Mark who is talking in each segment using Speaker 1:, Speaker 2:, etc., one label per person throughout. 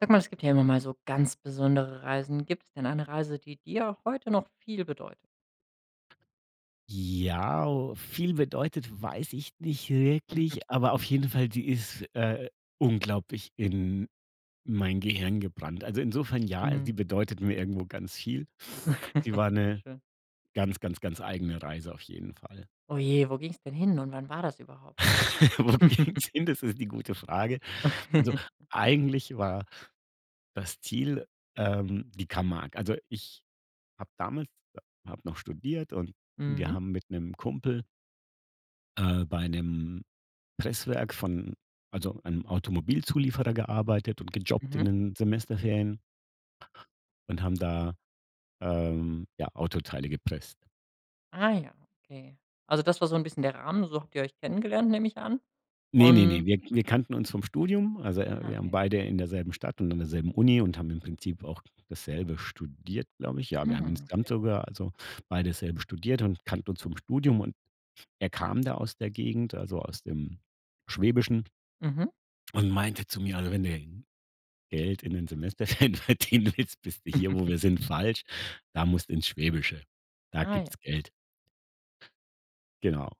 Speaker 1: Sag mal, es gibt hier immer mal so ganz besondere Reisen. Gibt's denn eine Reise, die dir auch heute noch viel bedeutet?
Speaker 2: Ja, o viel bedeutet, weiß ich nicht
Speaker 1: Mhm.
Speaker 2: wirklich, aber auf jeden Fall, sie ist äh, unglaublich in mein Gehirn gebrannt. Also insofern ja,
Speaker 1: Mhm.
Speaker 2: sie bedeutet mir irgendwo ganz viel. Sie war 'ne
Speaker 1: Schön.
Speaker 2: ganz, ganz, ganz eigene Reise auf jeden Fall.
Speaker 1: Oh je, wo ging's denn hin und wann war das überhaupt?
Speaker 2: Wo ging's hin, das ist die gute Frage. Also eigentlich war das Ziel, ähm, die Camargue. Also ich habe damals ha habe noch studiert und und wir
Speaker 1: Mhm.
Speaker 2: haben mit 'nem Kumpel äh, bei 'nem Presswerk von, also einem Automobilzulieferer gearbeitet und gejobbt in
Speaker 1: Mhm.
Speaker 2: den Semesterferien und haben da ähm, ja, Autoteile gepresst.
Speaker 1: Ah ja, okay. Also das war so 'n bisschen der Rahmen, so habt ihr euch kennengelernt, nehme ich an?
Speaker 2: Ne, ne, ne,
Speaker 1: Und
Speaker 2: wir wir kannten uns vom Studium. Also e
Speaker 1: Ah
Speaker 2: wir haben
Speaker 1: ja.
Speaker 2: beide in derselben Stadt und an derselben Uni und haben im Prinzip auch dasselbe studiert, glaube ich. Ja, wir haben
Speaker 1: Ah,
Speaker 2: insgesamt
Speaker 1: okay.
Speaker 2: sogar also beide dasselbe studiert und kannten uns vom Studium und er kam da aus der Gegend, also aus dem Schwäbischen
Speaker 1: Mhm.
Speaker 2: und meinte zu mir also: „Wenn du Geld in den Semesterferien verdienen willst, bist du jetzt bist du hier, wo wir sind falsch. Da musst du ins Schwäbische. Da
Speaker 1: Ah, ja.
Speaker 2: gibt's Geld“. Genau.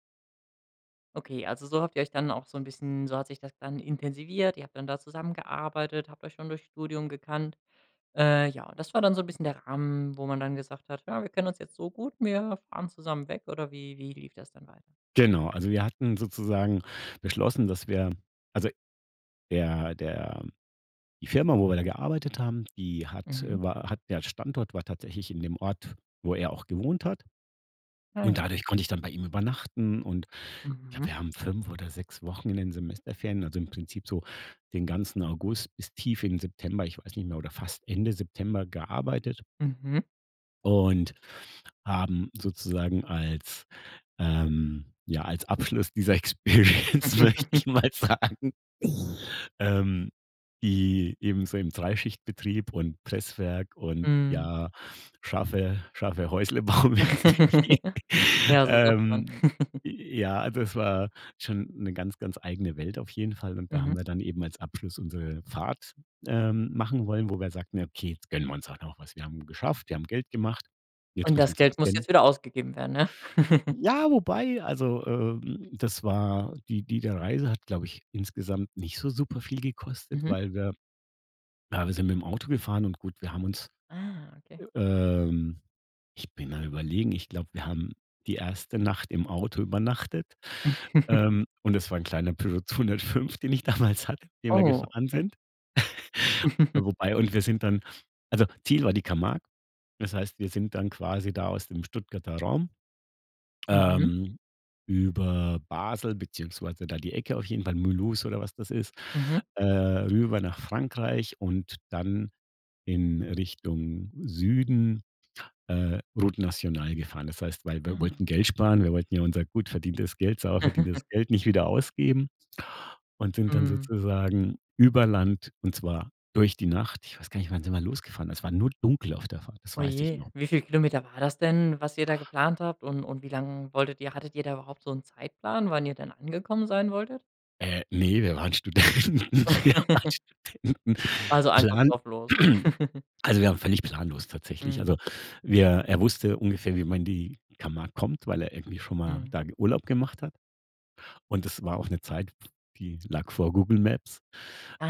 Speaker 1: Okay, also so habt ihr euch dann auch so 'n bisschen so hat sich das dann intensiviert. Ihr habt dann da zusammengearbeitet, habt euch schon durchs Studium gekannt. Äh, ja, und das war dann so 'n bisschen der Rahmen, wo man dann gesagt hat: „Ja, wir kennen uns jetzt so gut, wir fahren zusammen weg“ oder wie wie lief das dann weiter?
Speaker 2: Genau, also wir hatten sozusagen beschlossen, dass wir also der der die Firma, wo wir da gearbeitet haben, die hat,
Speaker 1: Mhm.
Speaker 2: äh, war hat der Standort war tatsächlich in dem Ort, wo er auch gewohnt hat.
Speaker 1: Ach ja.
Speaker 2: Und dadurch konnte ich dann bei ihm übernachten und ja,
Speaker 1: Mhm.
Speaker 2: wir haben 5 oder 6 Wochen in den Semesterferien, also im Prinzip so den ganzen August bis tief in den September, ich weiß nicht mehr, oder fast Ende September gearbeitet.
Speaker 1: Mhm.
Speaker 2: Und haben sozusagen als, ähm, ja, als Abschluss dieser Experience, möchte ich mal sagen, ähm die eben so im Dreischichtbetrieb und Presswerk und
Speaker 1: Mhm.
Speaker 2: ja, schaffe schaffe Häusle-Bau-mäßig.
Speaker 1: Ja, so sagt man.
Speaker 2: Ähm, ja, also es war schon 'ne ganz, ganz eigene Welt auf jeden Fall und da haben
Speaker 1: Mhm.
Speaker 2: wir dann eben als Abschluss unsere Fahrt, ähm, machen wollen, wo wir sagten: „Okay, jetzt gönnen wir uns halt noch was. Wir haben geschafft, wir haben Geld gemacht. Jetzt
Speaker 1: Und
Speaker 2: müssen wir
Speaker 1: das
Speaker 2: uns noch
Speaker 1: Geld
Speaker 2: was
Speaker 1: muss
Speaker 2: gönnen.“
Speaker 1: jetzt wieder ausgegeben werden, ne?
Speaker 2: Ja, wobei Also, ähm, das war die diese Reise hat glaube ich insgesamt nicht so super viel gekostet,
Speaker 1: Mhm.
Speaker 2: weil wir ja, wir sind mit dem Auto gefahren und, gut, wir haben uns,
Speaker 1: Ah. Okay.
Speaker 2: ähm ich bin mal überlegen, ich glaube, wir haben die 1. Nacht im Auto übernachtet. Ähm, und das war ein kleiner Peugeot 205, den ich damals hatte, den wir
Speaker 1: Oh,
Speaker 2: gefahren
Speaker 1: okay.
Speaker 2: sind. Wobei und wir sind dann also Ziel war die Camargue. Das heißt wir sind dann quasi da aus dem Stuttgarter Raum,
Speaker 1: Mhm.
Speaker 2: ähm, über Basel beziehungsweise da die Ecke auf jeden Fall, Moulous oder was das ist.
Speaker 1: Mhm.
Speaker 2: Äh, rüber nach Frankreich und dann in Richtung Süden, äh, Route National gefahren. Das heißt weil wir
Speaker 1: Ah.
Speaker 2: wollten Geld sparen, wir wollten ja unser gut verdientes Geld, sauber verdientes Geld nicht wieder ausgeben und sind dann
Speaker 1: Mhm.
Speaker 2: sozusagen über Land und zwar durch die Nacht. Ich weiß gar nicht, wann sind wir losgefahren? Es war nur dunkel auf der Fahrt, das
Speaker 1: Oh
Speaker 2: weiß ich
Speaker 1: je.
Speaker 2: noch.
Speaker 1: Wie viel Kilometer war das denn, was ihr da geplant habt? Und und wie lang wolltet ihr hattet ihr da überhaupt so 'n Zeitplan, wann ihr denn angekommen sein wolltet?
Speaker 2: Äh, ne, wir waren Studenten. Wir waren Studenten.
Speaker 1: Also einfach
Speaker 2: Plan
Speaker 1: drauf los.
Speaker 2: also, wir waren völlig planlos tatsächlich.
Speaker 1: Mhm.
Speaker 2: Also, wir er wusste ungefähr, wie man in die Camargue kommt, weil er irgendwie schon mal
Speaker 1: Mhm.
Speaker 2: da ge Urlaub gemacht hat. Und das war auch 'ne Zeit, die lag vor Google Maps.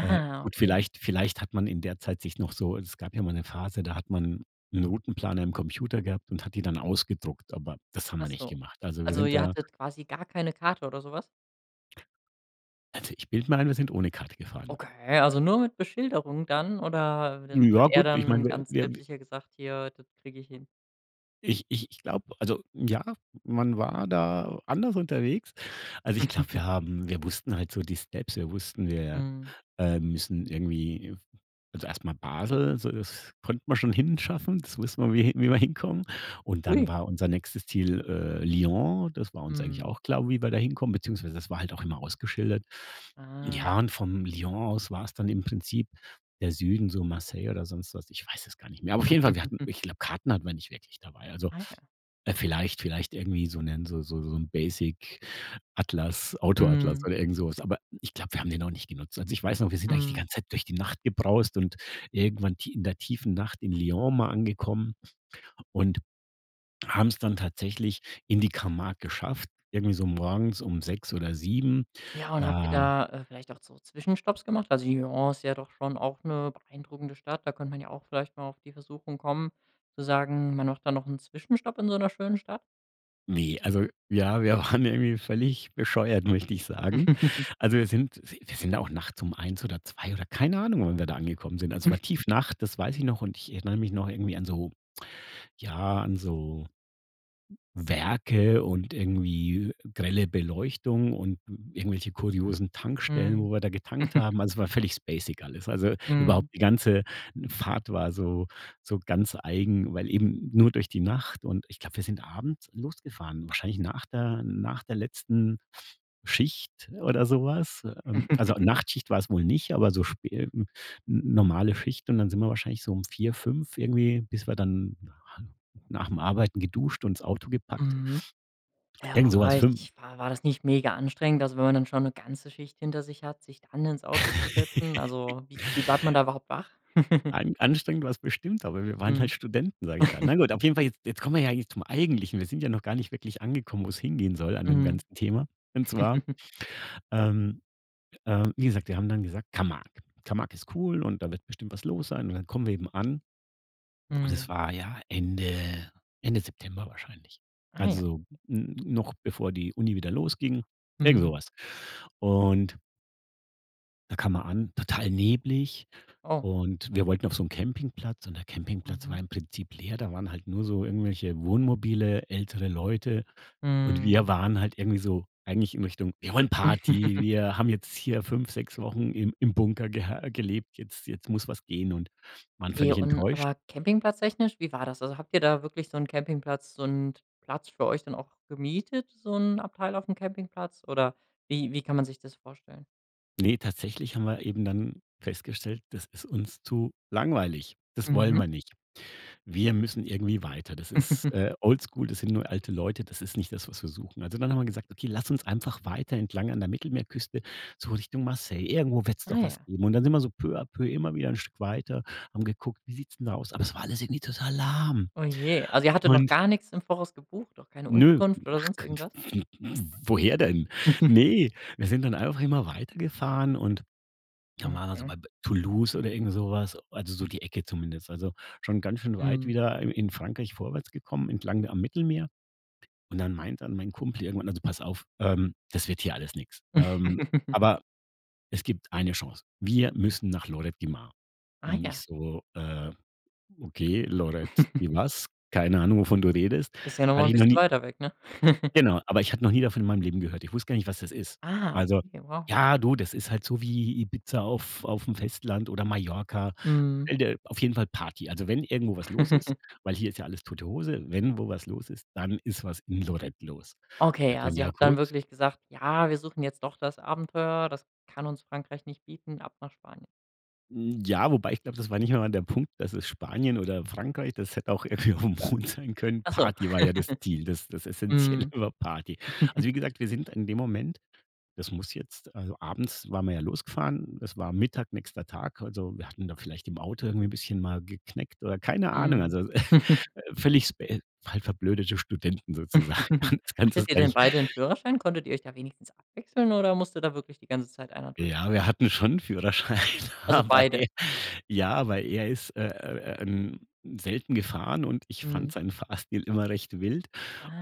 Speaker 2: Äh, gut,
Speaker 1: okay.
Speaker 2: vielleicht vielleicht hat man in der Zeit sich noch so es gab ja mal 'ne Phase, da hat man 'n Routenplaner am Computer gehabt und hat die dann ausgedruckt, aber das haben
Speaker 1: Ach
Speaker 2: wir nicht
Speaker 1: so.
Speaker 2: gemacht. Also, wir
Speaker 1: Also,
Speaker 2: sind
Speaker 1: ihr
Speaker 2: da
Speaker 1: hattet quasi gar keine Karte oder so was?
Speaker 2: Also, ich bilde mir ein, wir sind ohne Karte gefahren.
Speaker 1: Okay, also nur mit Beschilderung dann? Oder
Speaker 2: Hm,
Speaker 1: hat
Speaker 2: ja
Speaker 1: er
Speaker 2: gut, ich
Speaker 1: dann
Speaker 2: meine,
Speaker 1: ganz
Speaker 2: wir wir
Speaker 1: selbstsicher gesagt: „Hier, das krieg ich hin“?
Speaker 2: Ich ich ich glaube, also, ja, man war da anders unterwegs. Also ich glaube, wir haben wir wussten halt so die Steps. Wir wussten, wir,
Speaker 1: Mhm.
Speaker 2: ähm, müssen irgendwie also erstmal Basel, so, das konnte man schon hinschaffen. Das wussten wir, wie wie wir hinkommen. Und dann
Speaker 1: Ui.
Speaker 2: war unser nächstes Ziel, äh, Lyon. Das war uns eigentlich
Speaker 1: Mhm.
Speaker 2: auch klar, wie wir dahin kommen, beziehungsweise das war halt auch immer ausgeschildert.
Speaker 1: Ah.
Speaker 2: Ja, und von Lyon aus war es dann im Prinzip der Süden, so Marseille oder sonst was. Ich weiß es gar nicht mehr. Aber auf jeden Fall, wir hatten ich glaub Karten hatten wir nicht wirklich dabei. Also,
Speaker 1: Ah ja.
Speaker 2: äh, vielleicht vielleicht irgendwie so 'nen so so so 'n basic Atlas, Auto-Atlas
Speaker 1: Mhm.
Speaker 2: oder irgend sowas. Aber ich glaub, wir haben den auch nicht genutzt. Also ich weiß noch, wir sind eigentlich die
Speaker 1: Mhm.
Speaker 2: ganze Zeit durch die Nacht gebraust und irgendwann tie in der tiefen Nacht in Lyon mal angekommen und haben's dann tatsächlich in die Camargue geschafft, irgendwie so morgens 6 oder 7.
Speaker 1: Ja, und habt ihr
Speaker 2: Da
Speaker 1: da, äh, vielleicht auch so Zwischenstopps gemacht? Also, Lyon ist ja doch schon auch 'ne beeindruckende Stadt. Da könnte man ja auch vielleicht mal auf die Versuchung kommen zu sagen, man macht da noch 'n Zwischenstopp in so 'ner schönen Stadt?
Speaker 2: Ne, also ja, wir waren ja irgendwie völlig bescheuert, möchte ich sagen. Also, wir sind wir wir sind da auch nachts um 1 oder 2 oder, keine Ahnung, wann wir da angekommen sind. Also, war Tiefnacht, das weiß ich noch und ich erinnere mich noch irgendwie an so ja, an so Werke und irgendwie grelle Beleuchtung und irgendwelche kuriosen Tankstellen,
Speaker 1: Mhm.
Speaker 2: wo wir da getankt haben. Also, es war völlig spacig alles. Also, überhaupt
Speaker 1: Mhm.
Speaker 2: die ganze Fahrt war so so ganz eigen, weil eben nur durch die Nacht, und ich glaube, wir sind abends losgefahren. Wahrscheinlich nach der nach der letzten Schicht oder sowas. Äh, ähm, also, Nachtschicht war es wohl nicht, aber so spä hm, n normale Schicht, und dann sind wir wahrscheinlich so um 4, 5 irgendwie, bis wir dann na nach 'm Arbeiten geduscht und 's Auto gepackt
Speaker 1: Mhm. Ja,
Speaker 2: Irgend so was,
Speaker 1: wobei
Speaker 2: fün
Speaker 1: ich War war das nicht mega anstrengend? Also, wenn man dann schon 'ne ganze Schicht hinter sich hat, sich dann ins Auto zu setzen? Also, wie wie bleibt man da überhaupt wach?
Speaker 2: An anstrengend war's bestimmt, aber „wir waren halt
Speaker 1: Mhm.
Speaker 2: Studenten“, sage ich da Na gut, auf jeden Fall je jetzt kommen wir ja jetzt zum Eigentlichen. Wir sind ja noch gar nicht wirklich angekommen, wo's hingehen soll an dem
Speaker 1: Mhm.
Speaker 2: ganzen Thema. Und zwar, ähm, äh, wie gesagt, wir haben dann gesagt: „Camargue. Camargue ist cool, und da wird bestimmt was los sein“, und dann kommen wir eben an, und es
Speaker 1: Mhm.
Speaker 2: war ja Ende Ende September wahrscheinlich.
Speaker 1: Ah, ja.
Speaker 2: Also, n noch bevor die Uni wieder losging, irgend so
Speaker 1: Mhm.
Speaker 2: was. Und Da kam man an, total neblig,
Speaker 1: Oh.
Speaker 2: und wir wollten auf so 'n Campingplatz, und der Campingplatz war
Speaker 1: Mhm.
Speaker 2: im Prinzip leer. Da waren halt nur so irgendwelche Wohnmobile, ältere Leute und wir
Speaker 1: Mhm.
Speaker 2: waren halt irgendwie so eigentlich in Richtung: „Wir wollen Party, wir haben jetzt hier 5, 6 Wochen im im Bunker gehe gelebt, jetzt jetzt muss was gehen“, und waren
Speaker 1: Okay,
Speaker 2: völlig
Speaker 1: und
Speaker 2: enttäuscht.
Speaker 1: aber Campingplatz technisch, wie war das? Also, habt ihr da wirklich so 'n Campingplatz, so 'n Platz für euch dann auch gemietet, so 'n Abteil aufm Campingplatz? Oder wie wie kann man sich das vorstellen?
Speaker 2: Ne, tatsächlich haben wir eben dann festgestellt, das ist uns zu langweilig. Das wollen
Speaker 1: Mhm.
Speaker 2: wir nicht. Wir müssen irgendwie weiter. Das ist, äh, oldschool, das sind nur alte Leute, das ist nicht das, was wir suchen. Also dann haben wir gesagt: „Okay, lass uns einfach weiter entlang an der Mittelmeerküste, so Richtung Marseille, irgendwo wird's
Speaker 1: Ah
Speaker 2: doch
Speaker 1: ja.
Speaker 2: was geben“ und dann sind wir so peu à peu immer wieder 'n Stück weiter, haben geguckt, wie sieht's denn da aus? Aber es war alles irgendwie total lahm
Speaker 1: Oh je. Also ihr hattet noch
Speaker 2: und
Speaker 1: gar nix im Voraus gebucht, auch keine
Speaker 2: Ne,
Speaker 1: Unterkunft oder
Speaker 2: ach
Speaker 1: sonst irgendwas?
Speaker 2: [unintelligible] woher denn? Ne, wir sind dann einfach immer weiter gefahren und da waren wir so
Speaker 1: Mhm.
Speaker 2: bei be Toulouse oder irgend sowas, also so die Ecke zumindest. Also, schon ganz schön weit
Speaker 1: Mhm.
Speaker 2: wieder i in Frankreich vorwärts gekommen, entlang da am Mittelmeer und dann meint dann mein Kumpel irgendwann: „Also pass auf, ähm, das wird hier alles nix. Ähm, aber es gibt 1. Chance. Wir müssen nach Lloret de Mar.“
Speaker 1: Ah
Speaker 2: Und ich
Speaker 1: ja.
Speaker 2: so: „Äh, okay Lloret de was? Keine Ahnung, wovon du redest.
Speaker 1: Ist ja noch mal
Speaker 2: Hatte
Speaker 1: 'n
Speaker 2: ich noch
Speaker 1: bisschen
Speaker 2: nie“
Speaker 1: weiter weg, ne?
Speaker 2: Genau, aber ich hatte noch nie davon in meinem Leben gehört. Ich wusste gar nicht, was das ist.
Speaker 1: Ah,
Speaker 2: Also,
Speaker 1: okay, wow.
Speaker 2: ja du, das ist halt so wie Ibiza auf auf 'm Festland oder Mallorca.
Speaker 1: Mhm.
Speaker 2: Stell dir auf jeden Fall Party. Also wenn irgendwo was los ist weil hier ist ja alles tote Hose. Wenn wo was los ist, dann ist was in Lloret los. Habe
Speaker 1: Okay,
Speaker 2: ich gemeint:
Speaker 1: also ihr
Speaker 2: „Ja,
Speaker 1: habt dann
Speaker 2: gut.“
Speaker 1: wirklich gesagt: „Ja, wir suchen jetzt doch das Abenteuer. Das kann uns Frankreich nicht bieten, ab nach Spanien.“
Speaker 2: Hm, ja, wobei ich glaube, das war nicht einmal der Punkt, dass es Spanien oder Frankreich, das hätte auch irgendwie auf dem Mond sein können.
Speaker 1: Ach so.
Speaker 2: Party war ja das Ziel, das das Essenzielle
Speaker 1: Mhm.
Speaker 2: war Party. Also, wie gesagt, wir sind in dem Moment das muss jetzt also abends waren wir ja losgefahren. Es war Mittag, nächster Tag. Also, wir hatten da vielleicht im Auto irgendwie 'n bisschen mal geknickt oder keine Ahnung.
Speaker 1: Mhm.
Speaker 2: Also, äh, völlig spä halt verblödete Studenten sozusagen. Du kannst das
Speaker 1: Hattet ihr
Speaker 2: gar
Speaker 1: denn
Speaker 2: nicht
Speaker 1: beide 'n Führerschein? Konntet ihr euch da wenigstens abwechseln oder musste da wirklich die ganze Zeit 1
Speaker 2: Ja,
Speaker 1: durchziehen?
Speaker 2: wir hatten schon 'n Führerschein,
Speaker 1: Also
Speaker 2: aber
Speaker 1: beide.
Speaker 2: er ja, aber er ist, äh, ähm, selten gefahren und ich fande
Speaker 1: Mhm.
Speaker 2: seinen Fahrstil immer recht wild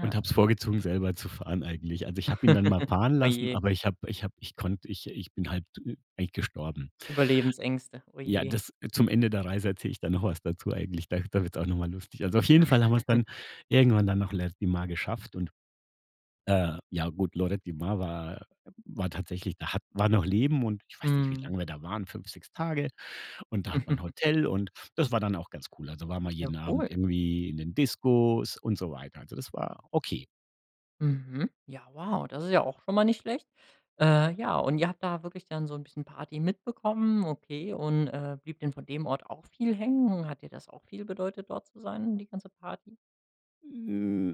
Speaker 2: und habe es vorgezogen selber zu fahren eigentlich. Also ich habe ihn dann mal fahren
Speaker 1: Oh
Speaker 2: lassen,
Speaker 1: je.
Speaker 2: aber ich habe ich habe ich konnte ich ich bin halb tü eigentlich gestorben.
Speaker 1: Überlebensängste, oh
Speaker 2: Ja,
Speaker 1: je.
Speaker 2: das zum Ende der Reise erzähle ich dann noch was dazu eigentlich. Da da wird's auch noch mal lustig. Also, auf jeden Fall haben wir's dann irgendwann dann noch Lloret de Mar geschafft und, äh, ja gut, Lloret de Mar war war tatsächlich da hat war noch Leben und ich weiß nicht, wie
Speaker 1: Mhm.
Speaker 2: lange wir da waren, 5, 6 Tage und da hat man 'n Hotel und das war dann auch ganz cool. Also waren wir
Speaker 1: Ja
Speaker 2: jeden Abend
Speaker 1: cool.
Speaker 2: irgendwie in den Discos und so weiter. Also das war okay.
Speaker 1: Mhm. Ja, wow. Das ist ja auch schon mal nicht schlecht. Äh, ja, und ihr habt da wirklich dann so 'n bisschen Party mitbekommen, okay. Und, äh, blieb denn von dem Ort auch viel hängen? Hat dir das auch viel bedeutet, dort zu sein, die ganze Party?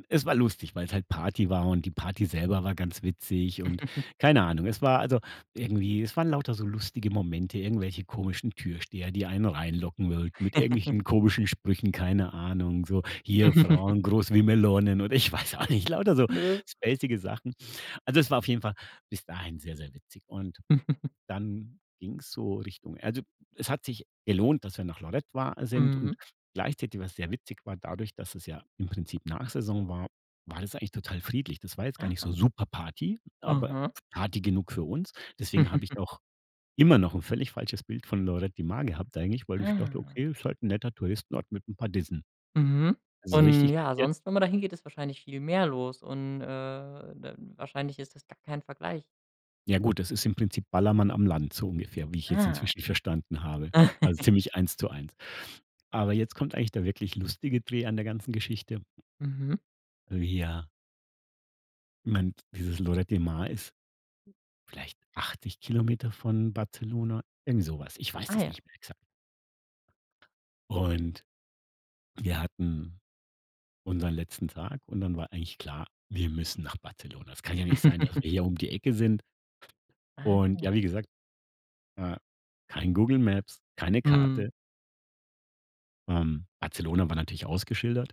Speaker 2: Es war lustig, weil's halt Party war und die Party selber war ganz witzig und keine Ahnung. Es war also irgendwie es waren lauter so lustige Momente, irgendwelche komischen Türsteher, die einen reinlocken wollten, mit irgendwelchen komischen Sprüchen, keine Ahnung. So, hier Frauen groß wie Melonen oder ich weiß auch nicht lauter so spacige Sachen. Also es war auf jeden Fall bis dahin sehr sehr witzig und dann ging's so Richtung also es hat sich gelohnt, dass wir nach Lloret war sind
Speaker 1: Mhm.
Speaker 2: und gleichzeitig, was sehr witzig war, dadurch, dass es ja im Prinzip Nachsaison war, war es eigentlich total friedlich. Das war jetzt gar nicht so
Speaker 1: Ah.
Speaker 2: super Party, aber
Speaker 1: Mhm.
Speaker 2: Party genug für uns. Deswegen habe ich auch immer noch 'n völlig falsches Bild von Lloret de Mar gehabt eigentlich, weil ich dachte,
Speaker 1: Ah.
Speaker 2: okay, ist halt 'n netter Touristenort mit 'n paar Dissen.
Speaker 1: Mhm.
Speaker 2: Also
Speaker 1: Und
Speaker 2: richtig
Speaker 1: ja,
Speaker 2: kapiert
Speaker 1: sonst, wenn man dahin geht, ist wahrscheinlich viel mehr los und, äh, d wahrscheinlich ist das gar kein Vergleich.
Speaker 2: Ja gut, das ist im Prinzip Ballermann am Land so ungefähr, wie ich jetzt
Speaker 1: Ah.
Speaker 2: inzwischen verstanden habe. Also ziemlich 1 zu 1. Aber jetzt kommt eigentlich der wirklich lustige Dreh an der ganzen Geschichte.
Speaker 1: Mhm.
Speaker 2: Wir man dieses Lloret de Mar ist vielleicht 80 km von Barcelona, irgendwie so was. Ich weiß
Speaker 1: Ah
Speaker 2: das
Speaker 1: ja.
Speaker 2: nicht mehr exakt. Und wir hatten unseren letzten Tag und dann war eigentlich klar: wir müssen nach Barcelona. Es kann ja nicht sein, dass wir hier um die Ecke sind
Speaker 1: Ah
Speaker 2: und
Speaker 1: ja.
Speaker 2: ja, wie gesagt, äh, kein Google Maps, keine
Speaker 1: Mhm.
Speaker 2: Karte ähm, Barcelona war natürlich ausgeschildert.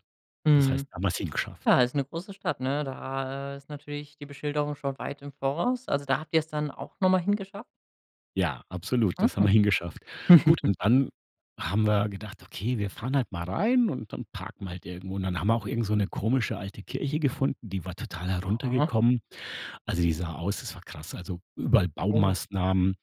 Speaker 2: Das heißt,
Speaker 1: Mhm.
Speaker 2: da haben wir's hingeschafft.
Speaker 1: Ja, ist 'ne große Stadt, ne. Da, äh, ist natürlich die Beschilderung schon weit im Voraus. Also, da habt ihr's dann auch noch mal hingeschafft?
Speaker 2: Ja, absolut, das haben wir
Speaker 1: Mhm.
Speaker 2: hingeschafft. Gut und dann haben wir gedacht: „Okay, wir fahren halt mal rein und dann wir parken halt irgendwo.“ Und dann haben wir auch irgend so 'ne komische alte Kirche gefunden, die war total
Speaker 1: Aha.
Speaker 2: heruntergekommen. Also die sah aus das war krass. Also überall
Speaker 1: Oh.
Speaker 2: Baumaßnahmen,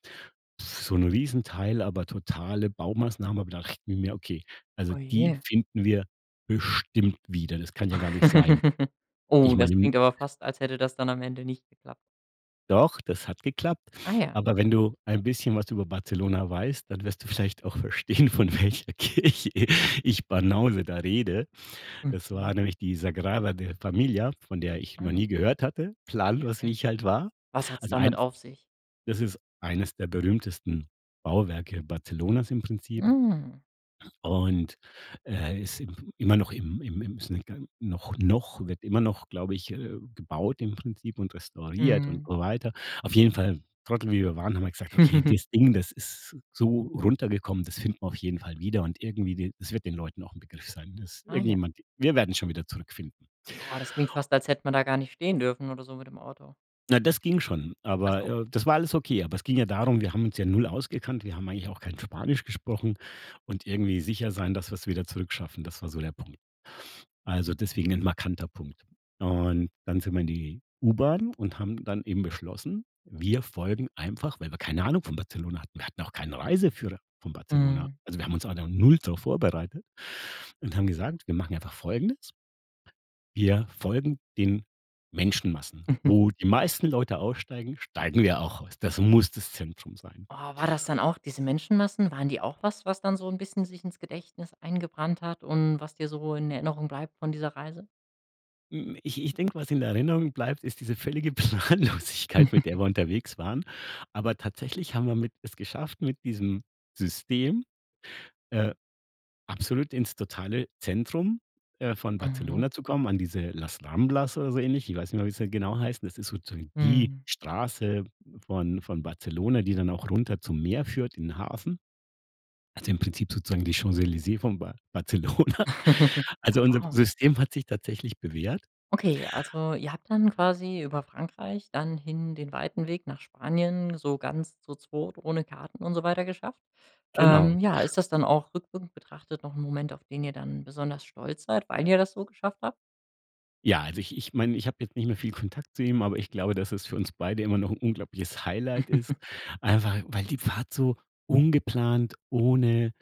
Speaker 2: so 'n Riesenteil, aber totale Baumaßnahmen, aber da dachten wir: „Okay, also die
Speaker 1: Ohje.
Speaker 2: finden wir bestimmt wieder.“ Das kann ja gar nicht sein.
Speaker 1: Oh,
Speaker 2: Ich
Speaker 1: das
Speaker 2: meine m
Speaker 1: klingt aber fast, als hätte das dann am Ende nicht geklappt.
Speaker 2: Doch, das hat geklappt,
Speaker 1: Ah ja.
Speaker 2: aber wenn du ein bisschen was über Barcelona weißt, dann wirst du vielleicht auch verstehen, von welcher Kirche, ich Banause da rede. Das
Speaker 1: Mhm.
Speaker 2: war nämlich die Sagrada de Família, von der ich noch
Speaker 1: Ah.
Speaker 2: nie gehört hatte, planlos
Speaker 1: Okay.
Speaker 2: wie ich halt war.
Speaker 1: Was hat's
Speaker 2: Also
Speaker 1: damit
Speaker 2: eins
Speaker 1: auf sich?
Speaker 2: das ist eines der berühmtesten Bauwerke Barcelonas im Prinzip.
Speaker 1: Mhm.
Speaker 2: Und, äh, ist im immer noch im im ims noch noch wird immer noch, glaube ich, äh, gebaut im Prinzip und restauriert und
Speaker 1: Mhm.
Speaker 2: so weiter. Auf jeden Fall, Trottel wie wir waren, haben wir gesagt: „Okay, das Ding, das ist so runtergekommen, das finden wir auf jeden Fall wieder und irgendwie die das wird den Leuten auch 'n Begriff sein.“ Das
Speaker 1: Ah ja.
Speaker 2: irgendjemand wir werden schon wieder zurückfinden.
Speaker 1: Oh, das klingt fast, als hätte man da gar nicht stehen dürfen oder so mit dem Auto.
Speaker 2: Na, das ging schon,
Speaker 1: Ach
Speaker 2: aber
Speaker 1: so.
Speaker 2: äh, das war alles okay, aber es ging ja darum, wir haben uns ja 0 ausgekannt. Wir haben eigentlich auch kein Spanisch gesprochen und irgendwie sicher sein, dass wir es wieder zurückschaffen, das war so der Punkt. Also, deswegen 'n markanter Punkt. Und dann sind wir in die U-Bahn und haben dann eben beschlossen: Wir folgen einfach- weil wir keine Ahnung von Barcelona hatten- wir hatten auch keinen Reiseführer von Barcelona.
Speaker 1: Mhm.
Speaker 2: Also, wir haben uns auch da 0 drauf vorbereitet und haben gesagt: „Wir machen einfach Folgendes:“ Wir folgen den Menschenmassen. Wo die meisten Leute aussteigen, steigen wir auch aus. Das muss das Zentrum sein.
Speaker 1: Oh, war das dann auch diese Menschenmassen, waren die auch was, was dann so 'n bisschen sich ins Gedächtnis eingebrannt hat und was dir so in Erinnerung bleibt von dieser Reise?
Speaker 2: Hm, ich ich denke, was in Erinnerung bleibt, ist diese völlige Planlosigkeit, mit der wir unterwegs waren, aber tatsächlich haben wir mit es geschafft, mit diesem System, äh, absolut ins totale Zentrum, äh, von
Speaker 1: Mhm.
Speaker 2: Barcelona zu kommen, an diese „Las Ramblas“ oder so ähnlich. Ich weiß nicht mehr, wie sie da genau heißen. Das ist so zu sagen die
Speaker 1: Mhm.
Speaker 2: Straße von von Barcelona, die dann auch runter zum Meer führt in den Hafen. Also, im Prinzip sozusagen die Champs-Élysées von Bar Barcelona. Also,
Speaker 1: Ja,
Speaker 2: unser
Speaker 1: wow.
Speaker 2: System hat sich tatsächlich bewährt.
Speaker 1: Okay, also ihr habt dann quasi über Frankreich dann hin den weiten Weg nach Spanien so ganz so zu zweit ohne Karten und so weiter geschafft.
Speaker 2: Genau.
Speaker 1: Ähm, ja, ist das dann auch rückwirkend betrachtet noch 'n Moment, auf den ihr dann besonders stolz seid, weil ihr das so geschafft habt?
Speaker 2: Ja, also, ich ich meine, ich habe jetzt nicht mehr viel Kontakt zu ihm, aber ich glaube, dass es für uns beide immer noch 'n unglaubliches Highlight ist, einfach weil die Fahrt so ungeplant ohne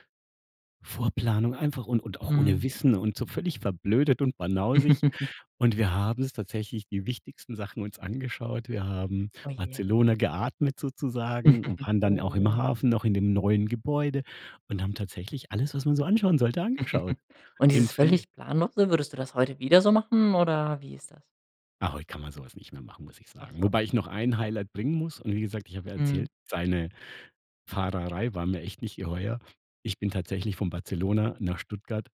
Speaker 2: Vorplanung, einfach un und auch ohne
Speaker 1: Mhm.
Speaker 2: Wissen und so völlig verblödet und banausig. Und wir haben uns tatsächlich die wichtigsten Sachen uns angeschaut. Wir haben
Speaker 1: Oh je.
Speaker 2: Barcelona geatmet sozusagen und waren dann auch
Speaker 1: Oh,
Speaker 2: im
Speaker 1: ja.
Speaker 2: Hafen noch in dem neuen Gebäude und haben tatsächlich alles, was man so anschauen sollte angeschaut.
Speaker 1: Und
Speaker 2: In
Speaker 1: dieses
Speaker 2: völli
Speaker 1: völlig planlose, würdest du das heute wieder so machen oder wie ist das?
Speaker 2: Ah, heute kann man so was nicht mehr machen, muss ich
Speaker 1: Ach
Speaker 2: sagen.
Speaker 1: so.
Speaker 2: Wobei ich noch ein Highlight bringen muss und wie gesagt, ich habe ja erzählt,
Speaker 1: Mhm.
Speaker 2: seine Fahrerei war mir echt nicht geheuer. Ich bin tatsächlich von Barcelona nach Stuttgart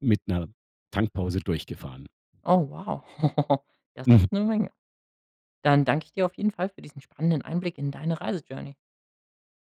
Speaker 2: mit 'ner Tankpause durchgefahren.
Speaker 1: Oh wow. Das ist 'ne
Speaker 2: Mhm.
Speaker 1: Menge. Dann danke ich dir auf jeden Fall für diesen spannenden Einblick in deine Reise Journey.